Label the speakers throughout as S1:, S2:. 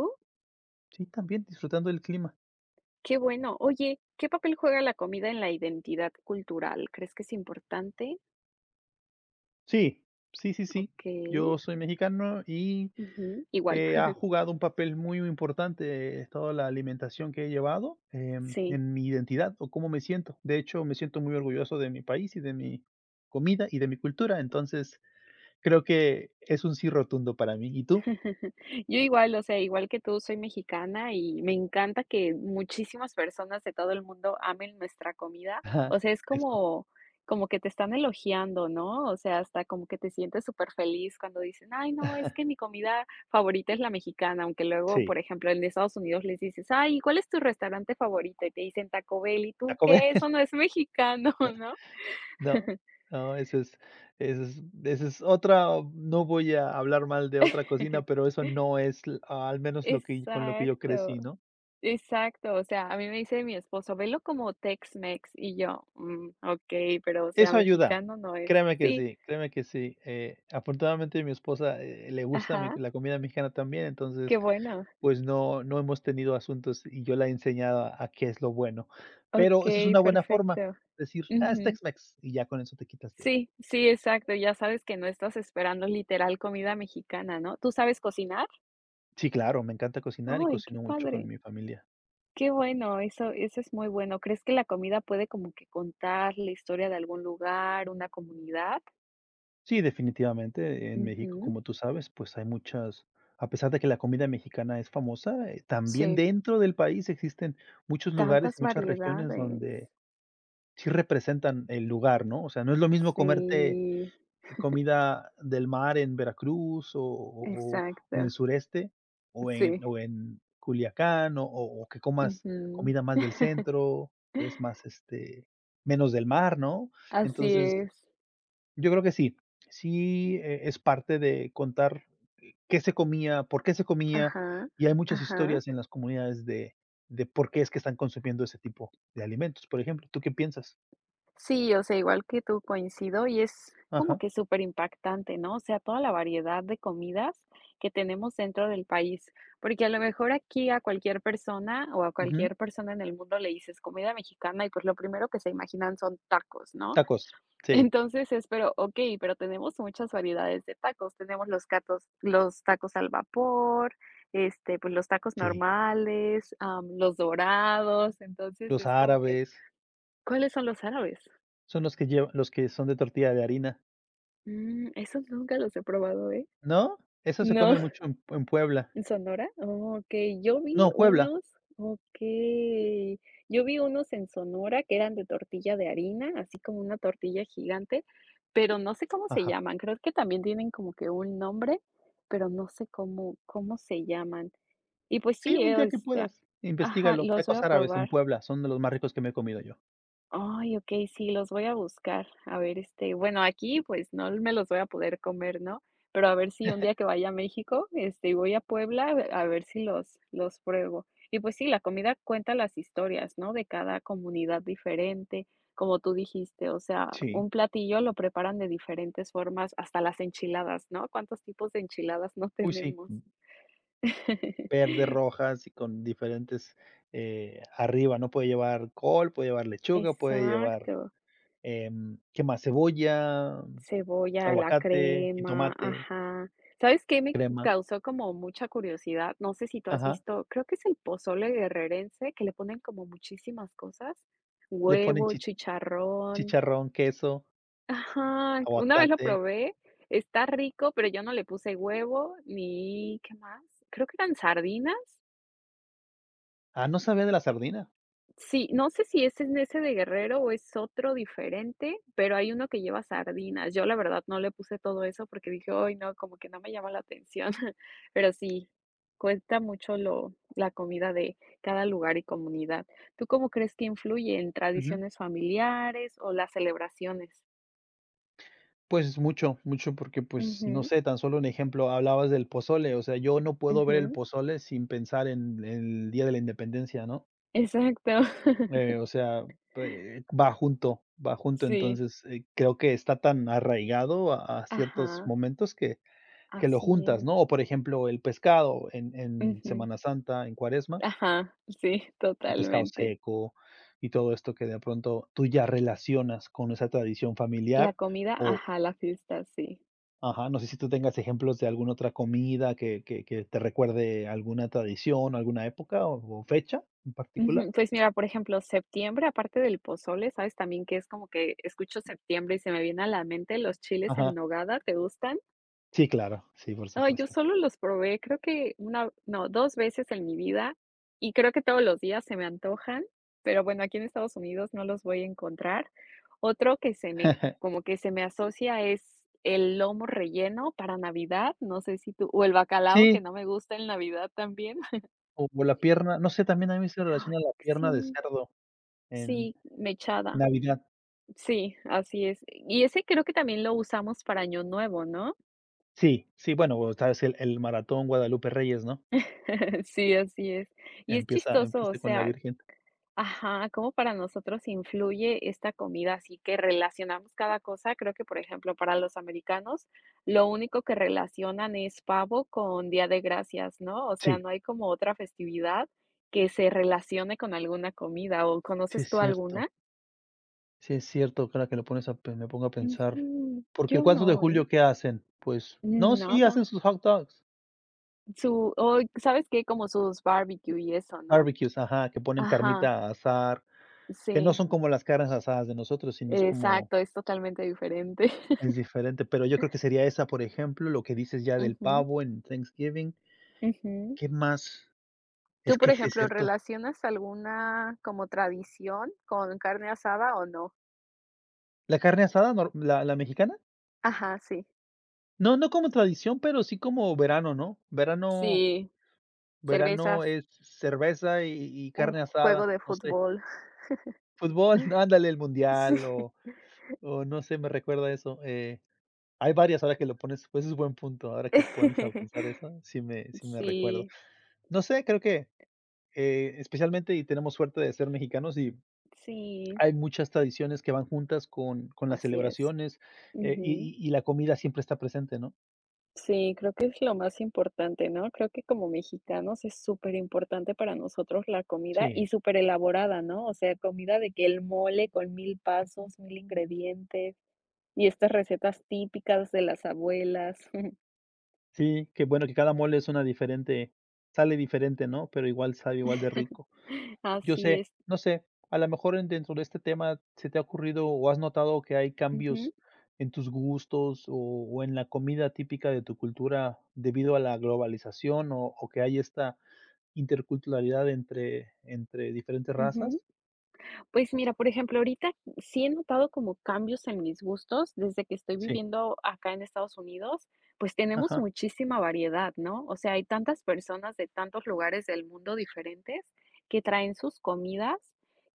S1: ¿Tú?
S2: Sí, también. Disfrutando el clima.
S1: Qué bueno. Oye, ¿qué papel juega la comida, en la identidad cultural? ¿Crees que es importante?
S2: Sí. Sí, sí, sí.
S1: Okey.
S2: Yo soy mexicano y,
S1: Ujú. Igual.
S2: eh, ha jugado un papel muy, muy importante, eh, toda la alimentación que he llevado, eh,
S1: Sí.
S2: en mi identidad o cómo me siento. De hecho, me siento muy orgulloso de mi país, y de mi comida, y de mi cultura. Entonces, creo que es, un "sí" rotundo, para mí. ¿Y tú?
S1: Yo igual. O sea, igual que tú, soy mexicana. Y me encanta que, muchísimas personas de todo el mundo, amen nuestra comida.
S2: Ajá.
S1: O sea, es
S2: Eso.
S1: como como que te están elogiando, ¿no? O sea, hasta como que te sientes, superfeliz, cuando dicen: "Ay no, es que mi comida favorita, es la mexicana". Aunque luego,
S2: Sí.
S1: por ejemplo, en Estados Unidos, les dices: "Ay, ¿y cuál es tu restaurante favorito? Y te dicen: "Taco Bell". Y tú:
S2: Taco
S1: "¿Qué?
S2: Bell
S1: Eso no es mexicano", ¿no?
S2: No. No, eso es eso es eso es otra No voy a hablar mal de otra cocina, pero eso no es l ah, al menos lo que con lo que yo
S1: Exacto.
S2: crecí, ¿no?
S1: Exacto, o sea, a mí me dice mi esposo: "Velo como Tex Mex". Y yo: "Mm, okey. Pero, o sea,
S2: Eso ayuda.
S1: mexicano no es".
S2: Créeme que
S1: Sí.
S2: sí, créeme que sí, eh, afortunadamente, mi esposa, eh, le gusta mi
S1: Ajá.
S2: la comida mexicana, también.
S1: Qué
S2: Entonces,
S1: bueno.
S2: pues no no hemos tenido asuntos. Y yo la he enseñado, a a qué es lo bueno. Pero eso es
S1: Okey,
S2: una buena forma,
S1: perfecto.
S2: decir: "Ah, es
S1: Ujú.
S2: Tex Mex". Y ya, con eso te quitas de
S1: Sí, sí, exacto. Ya sabes que no estás esperando, literal, comida mexicana, ¿no? ¿Tú sabes cocinar?
S2: Sí, claro. Me encanta cocinar, y
S1: Ay, qué
S2: cocino mucho con
S1: padre.
S2: mi familia.
S1: Que bueno, eso eso es muy bueno. ¿Crees que la comida puede como que contar la historia de algún lugar, una comunidad?
S2: Sí, definitivamente. En México,
S1: Ujú.
S2: como tú sabes, pues, hay muchas a pesar de que la comida mexicana es famosa, eh, también
S1: Sí.
S2: dentro del país existen muchos lugares
S1: Tantas
S2: y muchas regiones
S1: variedades.
S2: donde, sí representan el lugar, ¿no? O sea, no es lo mismo comerte
S1: Sí.
S2: comida del mar en Veracruz o o o o en el
S1: Exacto.
S2: sureste o en
S1: Sí.
S2: o en Culiacán o o o que comas
S1: Ujú.
S2: comida más del centro, que es más, este, menos del mar, ¿no?
S1: Así
S2: Entonces,
S1: es.
S2: yo creo que sí. Sí, eh es parte de contar, eh, ¿qué se comía, por qué se comía?
S1: Ajá.
S2: Y hay muchas
S1: Ajá.
S2: historias en las comunidades de de, ¿por qué es que están consumiendo ese tipo de alimentos?, por ejemplo, ¿tú qué piensas?
S1: Sí, o sea, igual que tú coincido y es como
S2: Ajá.
S1: que superimpactante, ¿no? O sea, toda la variedad de comidas que tenemos dentro del país. Porque a lo mejor aquí a cualquier persona o a
S2: Ujú.
S1: cualquier persona en el mundo le dices "comida mexicana" y pues lo primero que se imaginan son tacos, ¿no?
S2: Tacos, sí.
S1: Entonces es pero okey, pero tenemos muchas variedades de tacos, tenemos los catos los tacos al vapor, este, pues los tacos
S2: Sí.
S1: normales, am, los dorados, entonces
S2: Los
S1: es como que,
S2: árabes.
S1: ¿cuáles son los árabes?
S2: Son los que lleva los que son de tortilla de harina.
S1: Mm, esos nunca los he probado, ¿eh?
S2: ¿No? Esos se
S1: No,
S2: comen mucho en Pue en Puebla.
S1: ¿en Sonora? Okey. Yo vi
S2: No, Puebla.
S1: unos Okey, yo vi unos en Sonora que eran de tortilla de harina, así como una tortilla gigante, pero no sé cómo se
S2: Ajá.
S1: llaman, creo que también tienen como que un nombre, pero no sé cómo cómo se llaman. Y, pues,
S2: Sí,
S1: sí
S2: un
S1: eh, o
S2: día que
S1: este,
S2: puedas,
S1: ajá,
S2: investígalo.
S1: los voy
S2: Tacos
S1: a
S2: árabes en
S1: probar.
S2: Puebla, son de los más ricos que me he comido yo.
S1: Ay, okey, sí, los voy a buscar. A ver, este, bueno, aquí, pues, no me los voy a poder comer, ¿no? Pero a ver si un día que vaya a México, este, y voy a Puebla, eh, a ver si los los pruebo. Y, pues, sí, la comida cuenta las historias, ¿no?, de cada comunidad diferente. Como tú dijiste, o sea,
S2: Si.
S1: un platillo lo preparan de diferentes formas, hasta las enchiladas, ¿no? ¿Cuántos tipos de enchiladas no
S2: Uy, sí.
S1: tenemos?
S2: Mm. Verde, rojas y con diferentes eh, arriba, ¿no? Puede llevar col, puede llevar lechuga, puede llevar,
S1: Exacto.
S2: em, ¿qué más? Cebolla,
S1: Cebolla, la
S2: aguacate,
S1: crema
S2: jitomate.
S1: ajá. ¿Sabes qué me
S2: Crema.
S1: causó como mucha curiosidad? No sé si tú has
S2: Ajá.
S1: visto creo que es el pozole guerrerense que le ponen como muchísimas cosas,
S2: Le ponen
S1: huevo,
S2: chich
S1: chicharrón.
S2: chicharrón, queso.
S1: Ajá. Una vez lo
S2: Aguacate.
S1: probé, está rico pero yo no le puse huevo ni, ¿qué más?, ¿creo que eran sardinas?
S2: Ah, no sabía de la sardina.
S1: Sí, no sé si es en ese de Guerrero o es otro diferente, pero hay uno que lleva sardinas. Yo la verdad no le puse todo eso porque dije: "Ay, no, como que no me llama la atención". Pero sí, cuesta mucho lo la comida de cada lugar y comunidad, ¿tú cómo crees que influye en
S2: Ujú.
S1: tradiciones familiares o las celebraciones?
S2: Pues mucho. Mucho, porque, pues, no
S1: Ujú.
S2: sé, tan solo un ejemplo, hablabas del pozole, o sea, yo no puedo ver el
S1: Ujú.
S2: pozole sin pensar en el día de la independencia, ¿no?
S1: Exacto.
S2: Eh, o sea, p eh, va junto, va junto,
S1: Sí.
S2: entonces, eh creo que está tan arraigado a a ciertos
S1: Ajá.
S2: momentos que que lo
S1: Así
S2: juntas,
S1: es.
S2: ¿no?, o por ejemplo, el pescado en en
S1: Ujú.
S2: Semana Santa, en cuaresma.
S1: Ajá, sí,
S2: El pescado
S1: totalmente.
S2: seco y todo esto que, de pronto, tú ya relacionas con esa tradición
S1: La
S2: familiar
S1: comida
S2: o
S1: ajá, la fiesta, sí.
S2: Ajá, no sé si tú tengas ejemplos de alguna otra comida que que que te recuerde alguna tradición o alguna época o o fecha en particular.
S1: Ujú, pues mira, por ejemplo, septiembre, aparte del pozole, ¿sabes?, también que es como que, escucho septiembre y se me viene a la mente, los chiles en
S2: Ajá.
S1: nogada, ¿te gustan?
S2: Sí, claro, sí, por
S1: Ay, yo
S2: supuesto.
S1: solo los probé, creo que una, o no, 2 veces en mi vida y creo que todos los días se me antojan, pero bueno, aquí en Estados Unidos no los voy a encontrar. Otro que se me como que se me asocia es el lomo relleno para navidad, no sé si tú o el bacalao que
S2: Sí.
S1: no me gusta en navidad también.
S2: O o la pierna, no sé, también a mí se
S1: Ay,
S2: relaciona la
S1: que
S2: pierna de
S1: sí.
S2: cerdo en
S1: Sí, mechada.
S2: Navidad.
S1: Sí, así es. Y ese creo que también lo usamos para año nuevo, ¿no?
S2: Sí, sí, bueno, está es el -el maratón Guadalupe Reyes, ¿no?
S1: Sí, así es. Y es
S2: Empieza
S1: chistoso,
S2: empieza
S1: o
S2: ahí con la
S1: sea
S2: virgen.
S1: Ajá, cómo para nosotros influye esta comida, así que relacionamos cada cosa. Creo que por ejemplo, para los americanos lo único que relacionan es pavo con Día de Gracias, ¿no?, o sea
S2: Sí.
S1: no hay como otra festividad que se relacione con alguna comida o,
S2: Sí
S1: ¿conoces
S2: es
S1: tú
S2: cierto.
S1: alguna?
S2: Sí es cierto, cada que lo pones a pen me pongo a pensar.
S1: Ujú.
S2: Porque el
S1: Yo
S2: 4 de
S1: no, ¿eh?
S2: julio, ¿qué hacen? Pues, no,
S1: Mm,
S2: sí,
S1: nada.
S2: hacen sus hot dogs.
S1: Su oy, sabes que como sus barbecue y eso, ¿no?
S2: Barbecues, ajá, que ponen
S1: Ajá.
S2: carnita a asar, que no
S1: Sí.
S2: son como las carnes asadas de nosotros, sino es como
S1: Exacto, es totalmente diferente.
S2: es diferente, pero yo creo que sería esa, por ejemplo, lo que dices ya del
S1: Ujú.
S2: pavo en Thanksgiving.
S1: Ujú.
S2: ¿Qué más?
S1: Tú,
S2: Es
S1: por
S2: que sí es
S1: ejemplo.
S2: cierto.
S1: ¿Relacionas alguna como tradición con carne asada o no?
S2: ¿La carne asada nor la la mexicana?
S1: Ajá, sí.
S2: No, no como tradición, pero sí como verano, ¿no? Verano
S1: Sí,
S2: verano
S1: cervezas.
S2: es, cerveza y y
S1: Un
S2: carne
S1: juego
S2: asada,
S1: de
S2: no sé.
S1: fútbol.
S2: Fútbol, ándale el
S1: Sí.
S2: mundial o o no sé, me recuerda eso, eh, hay varias ahora que lo pones, pues es buen punto ahora que me pones a pensar eso, sí me sí me recuerdo.
S1: Sí.
S2: No sé, creo que, eh, especialmente, y tenemos suerte de ser mexicanos, y
S1: Sí.
S2: hay muchas tradiciones que van juntas con con las
S1: Así es.
S2: celebraciones, eh, y
S1: Ujú.
S2: y y la comida siempre está presente, ¿no?
S1: Sí, creo que es lo más importante, ¿no? Creo que como mexicanos, es superimportante, para nosotros la comida. Y
S2: Sí.
S1: súper elaborada, ¿no?, o sea, comida, de que el mole con 1000 pasos, 1000 ingredientes. Y estas recetas, típicas de las abuelas.
S2: Sí. Qué bueno, que cada mole, es una diferente. Sale diferente, ¿no? Pero igual, sabe igual de rico. Yo
S1: Así
S2: sé.
S1: es.
S2: No sé, a lo mejor en dentro de este tema, ¿se te ha ocurrido o has notado, que hay
S1: Ujú.
S2: cambios en tus gustos? ¿O en la comida típica de tu cultura, debido a la globalización? ¿O o, ¿que hay esta, interculturalidad entre entre diferentes
S1: Ujú.
S2: razas?
S1: Pues mira, por ejemplo, ahorita, sí he notado como cambios en mis gustos, desde que estoy
S2: Sí.
S1: viviendo acá en Estados Unidos, pues tenemos
S2: Ajá.
S1: muchísima variedad, ¿no? O sea, hay tantas personas, de tantos lugares del mundo, diferentes, que traen sus comidas,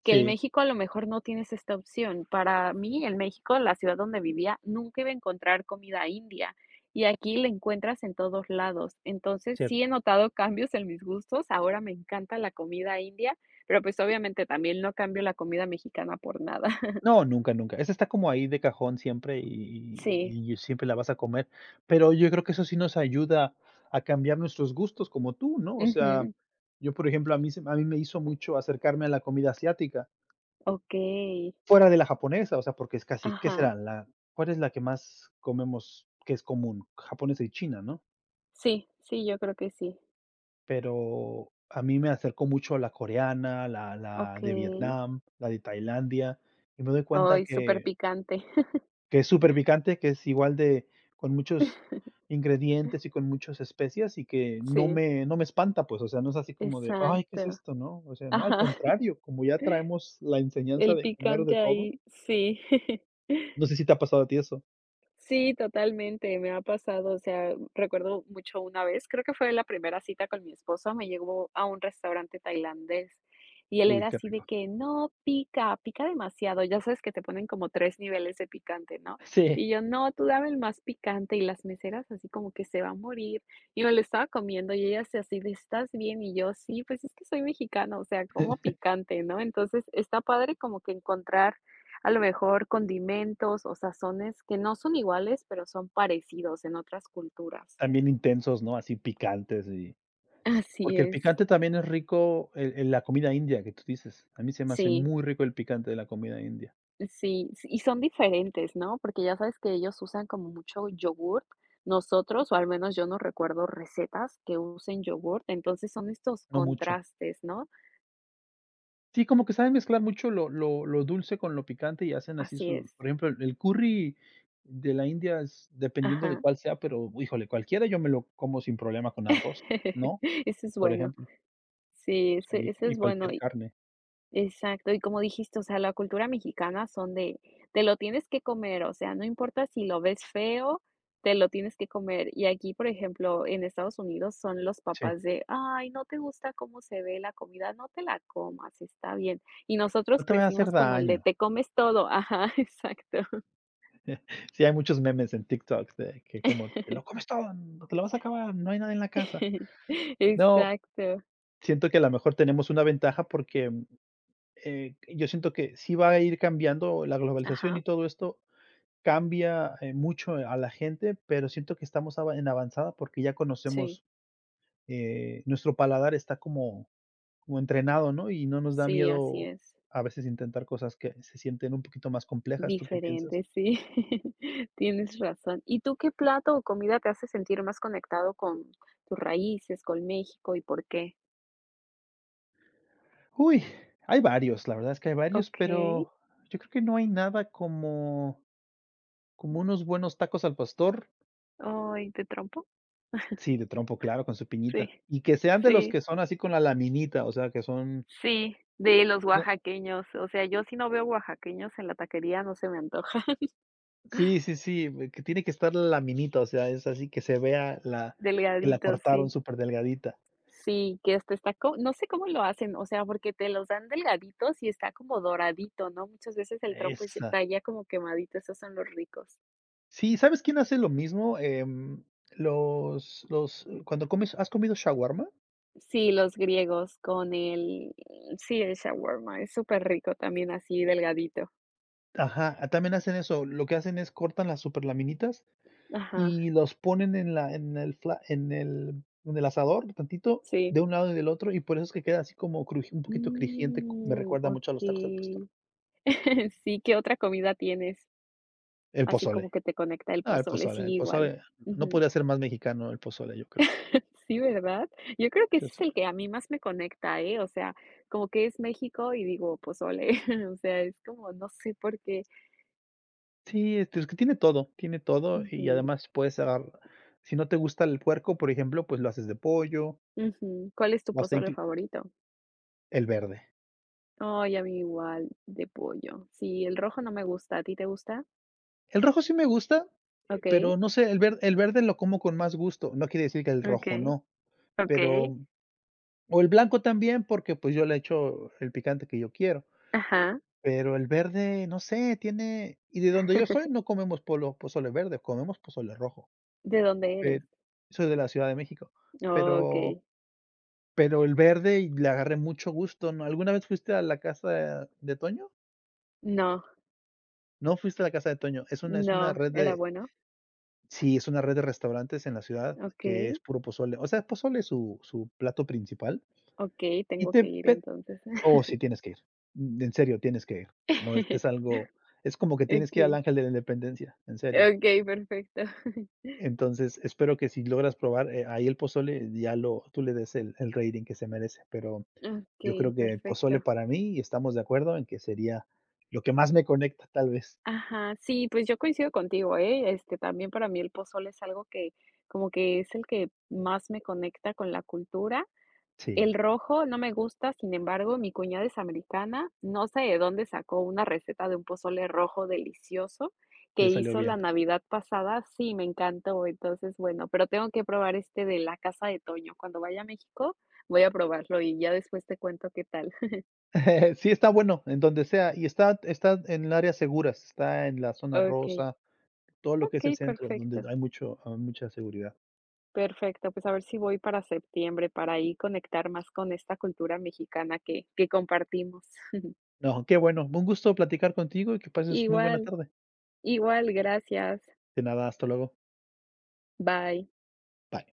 S1: que el
S2: Sí.
S1: México, a lo mejor, no tienes esta opción. Para mí, en México, la ciudad donde vivía, nunca iba a encontrar comida india, y aquí la encuentras en todos lados. Entonces, sí he
S2: Cierto.
S1: notado cambios en mis gustos. Ahora me encanta la comida india, pero pues, obviamente, también no cambio, la comida mexicana, por nada.
S2: No, nunca, nunca. Esa está, como ahí de cajón, siempre, y y
S1: Sí.
S2: y y siempre la vas a comer. Pero yo creo, que eso sí nos ayuda, a cambiar nuestros gustos, como tú, ¿no? O sea,
S1: Ujú.
S2: yo por ejemplo, a mí se a mí, me hizo mucho acercarme, a la comida asiática.
S1: Okey.
S2: Fuera de la japonesa. O sea, porque es casi ¿Qué
S1: Ajá.
S2: será, la? ¿Cuál es la que más comemos, que es común? Japonesa y China, ¿no?
S1: Sí, sí. Yo creo que sí.
S2: Pero a mí me acercó mucho la coreana, la la de
S1: Okey.
S2: Vietnam, la de Tailandia, y me doy cuenta
S1: Ay, súper
S2: que
S1: picante.
S2: que es superpicante, que es igual de con muchos ingredientes y con muchos especias, y que no
S1: Sí.
S2: me no me espanta, pues, o sea, no es así como de: "Ay, ¿qué es
S1: Exacto.
S2: esto, no?". O sea, no, al
S1: Ajá.
S2: contrario, como ya traemos la enseñanza
S1: El
S2: de comer
S1: picante
S2: de todo.
S1: ahí, sí.
S2: ¿No sé si te ha pasado a ti eso?
S1: Sí, totalmente, me ha pasado, o sea, mm, recuerdo mucho una vez. Creo que fue la primera cita con mi esposo, me llevo a un restaurante tailandés, y él
S2: Uy,
S1: era
S2: qué
S1: así de
S2: rico.
S1: que: "No, pica, pica demasiado". Ya sabes que te ponen como 3 niveles de picante, ¿no?
S2: Sí.
S1: Y yo: "No, tú dame el más picante". Y las meseras así como que: "Se va a morir". Y me lo estaba comiendo y ellas así de: "¿Estás bien?". Y yo: "Sí, pues es que soy mexicano, o sea, como picante, ¿no?". Entonces está padre como que encontrar a lo mejor condimentos o sazones que no son iguales, pero son parecidos en otras culturas.
S2: Están bien intensos, ¿no? Así picantes y
S1: Así
S2: porque el
S1: es.
S2: picante también es rico el el la comida india que tú dices. A mí se me hace
S1: Sí.
S2: muy rico el picante de la comida india.
S1: Sí, s y son diferentes, ¿no? Porque ya sabes que ellos usan como mucho yogurt. Nosotros, o al menos yo no recuerdo recetas que usen yogurt. Entonces son estos
S2: No mucho.
S1: contrastes, ¿no?
S2: Sí, como que saben mezclar mucho lo lo lo dulce con lo picante y hacen así
S1: Así
S2: su
S1: es.
S2: Por ejemplo, el el curry de la India es dependiendo de
S1: Ajá.
S2: cuál sea, pero híjole, cualquiera yo me lo como sin problema con arroz, ¿no?
S1: Eso es
S2: Por
S1: bueno.
S2: ejemplo.
S1: Sí, ese
S2: Sí,
S1: ese
S2: y
S1: es bueno
S2: cualquier
S1: y
S2: carne.
S1: Exacto, y como dijiste, o sea, la cultura mexicana son de: "Te lo tienes que comer", o sea, no importa si lo ves feo, te lo tienes que comer. Y aquí, por ejemplo, en Estados Unidos son los
S2: Sí.
S1: papás de: "Ay, ¿no te gusta cómo se ve la comida? No te la comas, está bien". Y
S2: No
S1: nosotros
S2: te vaya hacer
S1: crecimos con el de
S2: daño.
S1: "Te comes todo". Ajá, exacto.
S2: Sí hay muchos memes en TikTok de que como: "Te lo comes todo, te lo vas a acabar, no hay nada en la casa". No,
S1: Exacto.
S2: siento que a lo mejor tenemos una ventaja porque, mm, eh, yo siento que sí va a ir cambiando la globalización
S1: Ajá.
S2: y todo esto cambia, eh mucho a la gente, pero siento que estamos a en avanzada porque ya
S1: Sí.
S2: conocemos, eh, nuestro paladar está como como entrenado, ¿no? Y no nos da
S1: Sí, así
S2: miedo
S1: es.
S2: a veces intentar cosas que se sienten un poquito más complejas, ¿tú qué piensas?
S1: Diferente, sí. Tienes razón. ¿Y tú qué plato o comida te hace sentir más conectado con tus raíces, con México y por qué?
S2: Uy, hay varios, la verdad es que hay varios,
S1: Okey.
S2: pero, yo creo que no hay nada como como unos buenos tacos al pastor.
S1: Ay, ¿de trompo?
S2: Sí, de trompo, claro, con su piñita.
S1: Sí,
S2: Y que sean, de los
S1: sí.
S2: que son, así con la laminita. O sea, que son
S1: Sí, de los
S2: No.
S1: oaxaqueños. O sea, yo si no veo, oaxaqueños en la taquería, no se me antoja.
S2: Sí, sí, sí. Que tiene que estar la laminita. O sea, es así. Que se vea la que la
S1: Delgaditos,
S2: cortaron
S1: sí.
S2: súper delgadita.
S1: Sí, que hasta está co no sé cómo lo hacen. O sea, porque te los dan delgaditos, y está como doradito, ¿no? Muchas veces el trompo,
S2: Esa.
S1: está ya, como quemadito. Esos son los ricos.
S2: Sí, ¿sabes, quién hace lo mismo? Em, los los cuando comes ¿Has comido shawarma?
S1: Sí, los griegos, con el sí, el shawarma. Es superrico también, así delgadito.
S2: Ajá, también hacen eso. Lo que hacen es cortan las súper laminitas,
S1: Ajá.
S2: y los ponen en la en el fla en el en el asador. Tantito,
S1: Sí.
S2: de un lado y del otro, y por eso, es que queda así como cruji un poquito crujiente. Me
S1: Mm
S2: recuerda mucho, a los tacos al pastor.
S1: okey. Sí. ¿Qué otra comida tienes?
S2: El
S1: Así
S2: pozole.
S1: como que, te conecta el
S2: No, el
S1: pozole, sí,
S2: pozole el
S1: igual.
S2: pozole. No
S1: Ujú.
S2: podría ser más mexicano. El pozole, yo creo.
S1: Sí, ¿verdad? Yo creo que ese, es el
S2: [unintelligible]
S1: que a mí, más me conecta, ¿eh? O sea, como que es, México, y digo: "Pozole". O sea, es como no sé por qué.
S2: Sí, este, es que tiene todo, tiene todo y
S1: Ujú.
S2: además puedes cerrar si no te gusta el puerco, por ejemplo, pues, lo haces de pollo.
S1: Ujú. ¿Cuál es tu
S2: O hasta
S1: pozole
S2: inclu
S1: favorito?
S2: El verde.
S1: Oh, y a mi igual de pollo. Sí, el rojo no me gusta, ¿a ti te gusta?
S2: El rojo sí me gusta, eh,
S1: Okey.
S2: pero no sé, el ver el verde lo como con más gusto, no quiere decir que el rojo
S1: Okey.
S2: no,
S1: Okey.
S2: pero o el blanco también, porque, pues, yo le echo el picante que yo quiero.
S1: Ajá.
S2: Pero el verde, no sé, tiene y de donde yo estoy no comemos polo pozole verde, comemos pozole rojo.
S1: ¿De dónde eres?
S2: Pero soy de la Ciudad de México. Pero
S1: Okey.
S2: pero el verde y le agarré mucho gusto, ¿no? ¿Alguna vez fuiste a la casa de Toño?
S1: No.
S2: No fuiste a la Casa de Toño. Es una es una
S1: No,
S2: red
S1: ¿era
S2: de
S1: bueno?
S2: Sí, es una red de restaurantes en la ciudad que es
S1: Okey.
S2: puro pozole, o sea, pozole es su su plato principal
S1: Okey,
S2: y
S1: tengo
S2: te
S1: que ir,
S2: pe
S1: entonces.
S2: oh sí, tienes que ir, mm, en serio tienes que ir. No es es algo es como que tienes que ir al
S1: Okey.
S2: Ángel de la Independencia, en serio.
S1: Okey, perfecto.
S2: Entonces, espero que si logras probar, eh, ahí el pozole ya lo tú le des el el rating que se merece. Pero yo
S1: Okey,
S2: creo que el pozole,
S1: perfecto.
S2: para mí, y estamos de acuerdo, en que sería lo que más me conecta, tal vez.
S1: Ajá, sí, pues, yo coincido contigo, ¿eh?, este, también para mí, el pozole es algo que como que es el que más me conecta con la cultura. El
S2: Sí.
S1: rojo no me gusta, sin embargo, mi cuñada es americana, no sé de dónde sacó una receta de un pozole rojo delicioso, que
S2: Le salió
S1: hizo la
S2: bien.
S1: Navidad pasada. Sí, me encantó. Entonces, bueno, pero tengo que probar este de la Casa de Toño. Cuando vaya a México voy a probarlo y ya después te cuento qué tal.
S2: Sí, está bueno, en donde sea, y está está en áreas seguras, está en la zona
S1: Okey.
S2: rosa, todo lo que es el
S1: Okey,
S2: centro, donde
S1: perfecto.
S2: hay mucho ah, mucha seguridad.
S1: Perfecto, pues, a ver si voy para septiembre, para ahí conectar más con esta cultura mexicana que que compartimos.
S2: No, qué bueno. Un gusto platicar contigo y que pases muy buena
S1: Igual,
S2: tarde.
S1: igual, gracias.
S2: De nada, hasta luego.
S1: Bye.
S2: Bye.